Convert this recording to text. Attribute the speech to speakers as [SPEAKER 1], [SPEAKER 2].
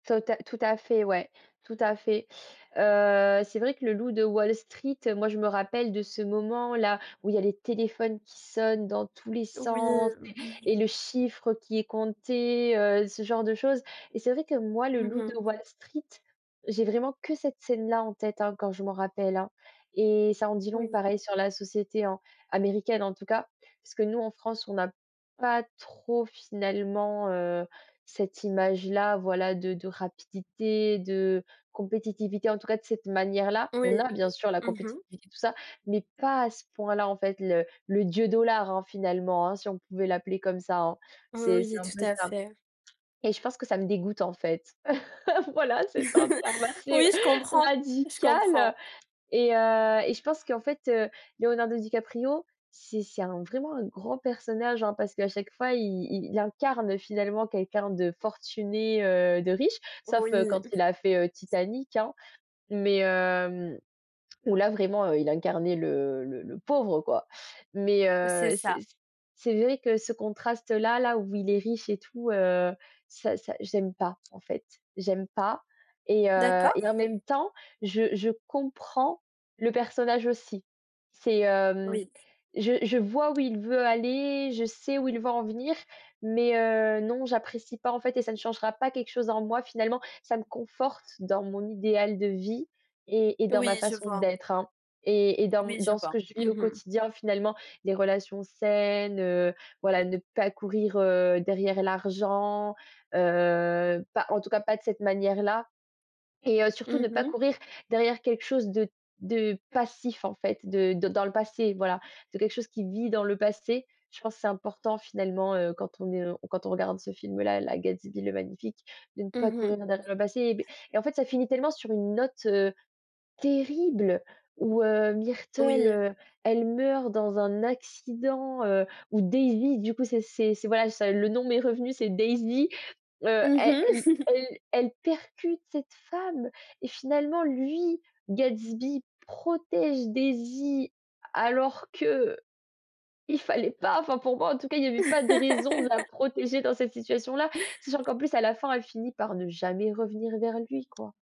[SPEAKER 1] Tota tout à fait ouais, tout à fait. Heu, c'est vrai que Le loup de Wall Street, heu, moi je me rappelle de ce moment-là, où il y a les téléphones qui sonnent dans tous les
[SPEAKER 2] Oui.
[SPEAKER 1] sens
[SPEAKER 2] Mmh.
[SPEAKER 1] et et le chiffre qui est compté, heu, ce genre de choses. Et c'est vrai que moi, Le
[SPEAKER 2] Mmh
[SPEAKER 1] loup de
[SPEAKER 2] mh.
[SPEAKER 1] Wall Street, j'ai vraiment que cette scène-là en tête, hein, quand je m'en rappelle, hein et ça en dit long
[SPEAKER 2] Oui.
[SPEAKER 1] pareil sur la société, hein, américaine en tout cas. Parce que nous en France on n'a pas trop finalement, heu, cette image-là, voilà de de rapidité, de compétitivité. En tout cas de cette manière-là. On a
[SPEAKER 2] Oui.
[SPEAKER 1] bien sûr la
[SPEAKER 2] Mmh mh.
[SPEAKER 1] compétitivité, tout ça, mais pas à ce point-là en fait. Le le Dieu dollar, hein, finalement, hein, si on pouvait l'appeler comme ça, hein. C'est c'est
[SPEAKER 2] Oui,
[SPEAKER 1] un
[SPEAKER 2] tout
[SPEAKER 1] peu
[SPEAKER 2] à
[SPEAKER 1] ça
[SPEAKER 2] fait.
[SPEAKER 1] et je pense que ça me dégoûte en fait. Voilà c'est un terme assez
[SPEAKER 2] Oui, je comprends, je
[SPEAKER 1] radical, heu
[SPEAKER 2] comprends.
[SPEAKER 1] et heu et je pense qu'en fait, heu, Leonardo DiCaprio c'est c'est un vraiment un grand personnage, hein. Parce qu'à chaque fois i i il incarne finalement quelqu'un de fortuné, heu, de riche. Sauf, heu,
[SPEAKER 2] Oui.
[SPEAKER 1] quand il a fait, heu, Titanic, hein, mais hem où là vraiment, heu, il incarnait le le le pauvre quoi. Mais
[SPEAKER 2] Heu, c'est
[SPEAKER 1] heu, c'est
[SPEAKER 2] ça.
[SPEAKER 1] c c'est vrai que ce contraste-là, là où il est riche et tout, heu, ça ça j'aime pas, en fait. J'aime pas et heu,
[SPEAKER 2] D'accord.
[SPEAKER 1] et en même temps je je comprends le personnage aussi. C'est, hem
[SPEAKER 2] Oui.
[SPEAKER 1] je je vois où il veut aller, je sais où il veut en venir, mais heu, non j'apprécie pas en fait et ça ne changera pas quelque chose en moi finalement. Ça me conforte dans mon idéal de vie et et dans
[SPEAKER 2] Oui,
[SPEAKER 1] ma
[SPEAKER 2] je
[SPEAKER 1] façon
[SPEAKER 2] vois.
[SPEAKER 1] d'être, hein et et dans m
[SPEAKER 2] Oui, je
[SPEAKER 1] dans ce
[SPEAKER 2] vois.
[SPEAKER 1] que je
[SPEAKER 2] Mmh
[SPEAKER 1] vis au
[SPEAKER 2] mh.
[SPEAKER 1] quotidien finalement. Des relations saines, heu, voilà, ne pas courir, heu, derrière l'argent. Heu, pas en tout cas pas de cette manière-là et heu, surtout ne
[SPEAKER 2] Mmh
[SPEAKER 1] pas
[SPEAKER 2] mh.
[SPEAKER 1] courir derrière quelque chose de de passif en fait. De de dans le passé voilà, de c'est quelque chose qui vit dans le passé. Je pense c'est important finalement, heu, quand on est lo quand on regarde ce film-là, là Gatsby le Magnifique, de ne pas
[SPEAKER 2] Mmh
[SPEAKER 1] courir
[SPEAKER 2] mh.
[SPEAKER 1] derrière le passé. Beh et en fait ça finit tellement sur une note, heu, terrible où, heu, Myrtle,
[SPEAKER 2] Oui.
[SPEAKER 1] heu, elle meurt dans un accident, heu, où Daisy du coup c'est c'est c'est voilà ça le nom m'est revenu c'est Daisy, heu,
[SPEAKER 2] Mmh mh.
[SPEAKER 1] elle e elle elle percute cette femme et finalement lui, Gatsby, protège Daisy alors qu'il fallait pas. Enfin pour moi en tout cas, il y avait pas de raison de la protéger dans cette situation-là, sachant qu'en plus à la fin elle finit par ne jamais revenir vers lui quoi.